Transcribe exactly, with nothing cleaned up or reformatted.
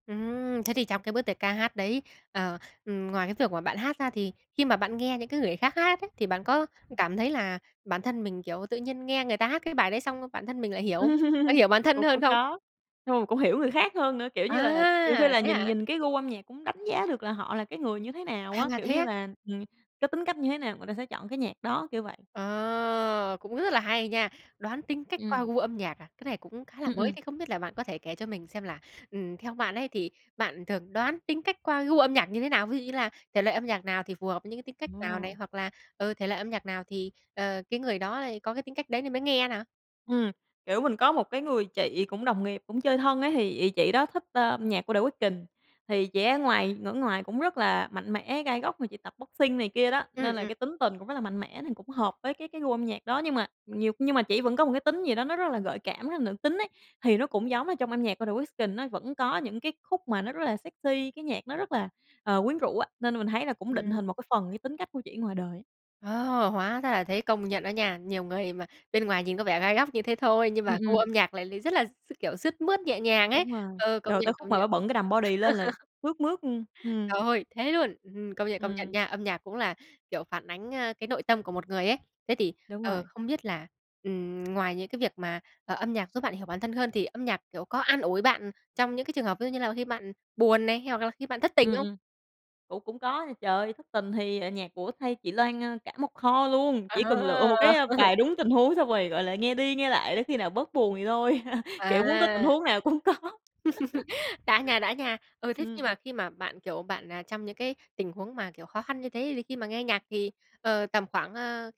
Ừm. Thế thì trong cái bước tiệc ca hát đấy, ờ, ừm, ngoài cái việc mà bạn hát ra thì khi mà bạn nghe những cái người khác hát ấy, thì bạn có Ừm. cảm thấy là bản thân mình, kiểu, tự nhiên nghe người ta hát cái bài đấy xong, bản thân mình lại hiểu không? Bạn hiểu bản thân Cũng hơn cũng không? có. Xong rồi cũng hiểu người khác hơn nữa, kiểu như là, nhiều khi À, là thế nhìn hả? nhìn cái gu âm nhạc cũng đánh giá được là họ là cái người như thế nào À, á. Kiểu thế như á? là ừm, cái tính cách như thế nào người ta sẽ chọn cái nhạc đó, kiểu vậy. Ờ. Cũng rất là hay nha! Đoán tính cách qua Ừm. gu âm nhạc à? Cái này cũng khá là Ừm, mới. ừm. Thế không biết là bạn có thể kể cho mình xem là, ừm, theo bạn ấy thì bạn thường đoán tính cách qua gu âm nhạc như thế nào? Ví dụ như là thể loại âm nhạc nào thì phù hợp với những cái tính cách nào này? Ờ. Hoặc là, ừ, thể loại âm nhạc nào thì, ờ, cái người đó lại có cái tính cách đấy nên mới nghe nè? Ừm, kiểu, mình có một cái người chị cũng đồng nghiệp cũng chơi thân á thì ị chị đó thích, a, âm nhạc của The Weeknd. Thì chị ấy ngoài ngở ngoài cũng rất là mạnh mẽ, gai góc mà chị tập boxing này kia đó, Ừm, nên là ừm. cái tính tình cũng rất là mạnh mẽ thì cũng hợp với cái cái gu âm nhạc đó. Nhưng mà nhiều nhưng mà chỉ vẫn có một cái tính gì đó nó rất là gợi cảm, rất là nữ tính ấy, thì nó cũng giống là trong âm nhạc của The Weeknd á vẫn có những cái khúc mà nó rất là sexy, cái nhạc nó rất là, ờ, quyến rũ á. Nên là mình thấy là cũng định Ừm. hình một cái phần như tính cách của chị ngoài đời. Wow, hóa ra là thế! Công nhận đó nha, nhiều người mà bên ngoài nhìn có vẻ gai góc như thế thôi, nhưng Ừm, mà gu ừm. âm nhạc lại lại rất là s kiểu, sướt mướt nhẹ nhàng ấy. Đúng rồi, Ừ, công rồi nhận, tới khúc công mà nhận. bả bận cái đầm body lên là sướt mướt luôn, ừm. Trời ơi, thế luôn. Ừm, công nhận, công nhận Ừm. nha, âm nhạc cũng là, kiểu, phản ánh, ơ, cái nội tâm của một người ấy. Thế thì, Đúng ờ, rồi. không biết là, ừm, ngoài những cái việc mà, ờ, âm nhạc giúp bạn hiểu bản thân hơn thì âm nhạc, kiểu, có an ủi bạn, ừm, trong những cái trường hợp ví dụ như là khi bạn buồn này, hoặc là khi bạn thất tình Ừm, hông? ừm, cũng cũng có nha. Trời ơi, thất tình thì, à, nhạc của Tay chị Loan, a, cả một kho luôn, chỉ cần lựa À. một cái, a, bài đúng tình huống xong rồi, gọi là, nghe đi nghe lại để khi nào bớt buồn thì thôi. Kiểu, muốn có tình À. huống nào cũng có. Đã nha, đã nha! Ừ, thế nhưng Ừm. mà khi mà bạn, kiểu, bạn, à, trong những cái tình huống mà, kiểu, khó khăn như thế thì khi mà nghe nhạc thì, ờ, tầm khoảng, ơ